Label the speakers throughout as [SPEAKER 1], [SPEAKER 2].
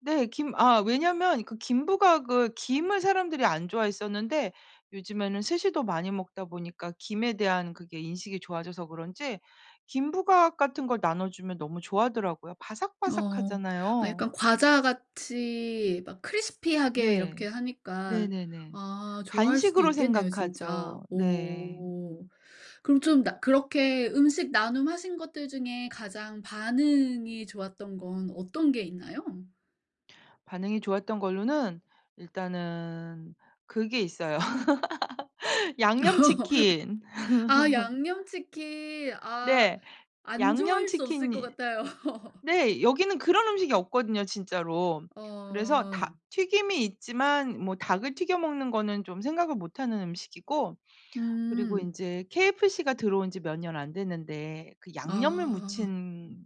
[SPEAKER 1] 네. 김 아 왜냐면 그 김부각을 김을 사람들이 안 좋아했었는데 요즘에는 스시도 많이 먹다 보니까 김에 대한 그게 인식이 좋아져서 그런지 김부각 같은 걸 나눠주면 너무 좋아하더라고요.
[SPEAKER 2] 어. 아
[SPEAKER 1] 바삭바삭하잖아요.
[SPEAKER 2] 약간 과자같이 막 crispy하게
[SPEAKER 1] 네.
[SPEAKER 2] 이렇게 하니까
[SPEAKER 1] 네네네.
[SPEAKER 2] 아 좋아할 수도
[SPEAKER 1] 간식으로
[SPEAKER 2] 있겠네요 진짜.
[SPEAKER 1] 생각하죠. 네.
[SPEAKER 2] 오. 그럼 좀 나 그렇게 음식 나눔 하신 것들 중에 가장 반응이 좋았던 건 어떤 게 있나요?
[SPEAKER 1] 반응이 좋았던 걸로는 일단은 그게 있어요. 양념치킨.
[SPEAKER 2] 아 양념치킨. 아
[SPEAKER 1] 네.
[SPEAKER 2] 안 좋아할 수 없을 것
[SPEAKER 1] 양념치킨이
[SPEAKER 2] 같아요.
[SPEAKER 1] 네 여기는 그런 음식이 없거든요 진짜로. 그래서
[SPEAKER 2] 어.
[SPEAKER 1] 닭튀김이 있지만 뭐 닭을 튀겨 먹는 거는 좀 생각을 못 하는 음식이고 그리고
[SPEAKER 2] 음.
[SPEAKER 1] 인제 KFC가 들어온 지 몇 년 안 됐는데 그 양념을
[SPEAKER 2] 아.
[SPEAKER 1] 묻힌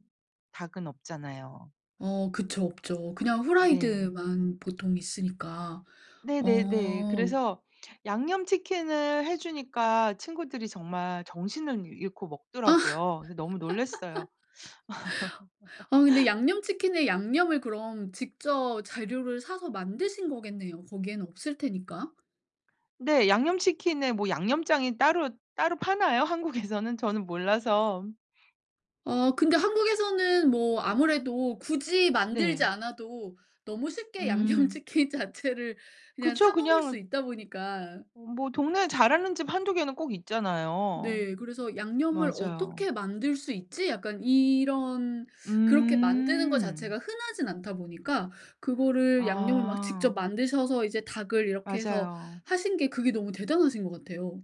[SPEAKER 1] 닭은 없잖아요.
[SPEAKER 2] 어 그쵸. 없죠. 그냥
[SPEAKER 1] 네.
[SPEAKER 2] 후라이드만 보통 있으니까.
[SPEAKER 1] 네네네.
[SPEAKER 2] 어.
[SPEAKER 1] 그래서 양념치킨을 해주니까 친구들이 정말 정신을 잃고
[SPEAKER 2] 아
[SPEAKER 1] 먹더라고요. 그래서 너무 놀랐어요.
[SPEAKER 2] 아 근데 양념치킨의 양념을 그럼 직접 재료를 사서 만드신 거겠네요. 거기에는 없을 테니까.
[SPEAKER 1] 네. 양념치킨에 뭐 양념장이 따로 따로 파나요? 한국에서는? 저는 몰라서.
[SPEAKER 2] 아 근데 한국에서는 뭐 아무래도 굳이 만들지
[SPEAKER 1] 네.
[SPEAKER 2] 않아도 너무 쉽게
[SPEAKER 1] 음.
[SPEAKER 2] 양념치킨 자체를 그냥
[SPEAKER 1] 그쵸.
[SPEAKER 2] 사 먹을 수
[SPEAKER 1] 그냥
[SPEAKER 2] 있다 보니까.
[SPEAKER 1] 어 뭐 동네에 잘하는 집 1-2 개는 꼭 있잖아요.
[SPEAKER 2] 네. 그래서 '양념을
[SPEAKER 1] 맞아요.
[SPEAKER 2] 어떻게 만들 수 있지?' 약간 이런 그렇게 만드는 것
[SPEAKER 1] 음.
[SPEAKER 2] 자체가 흔하지는 않다 보니까 그거를 양념을 막 직접
[SPEAKER 1] 아.
[SPEAKER 2] 만드셔서 이제 닭을 이렇게 해서
[SPEAKER 1] 맞아요.
[SPEAKER 2] 하신 게 그게 너무 대단하신 것 같아요.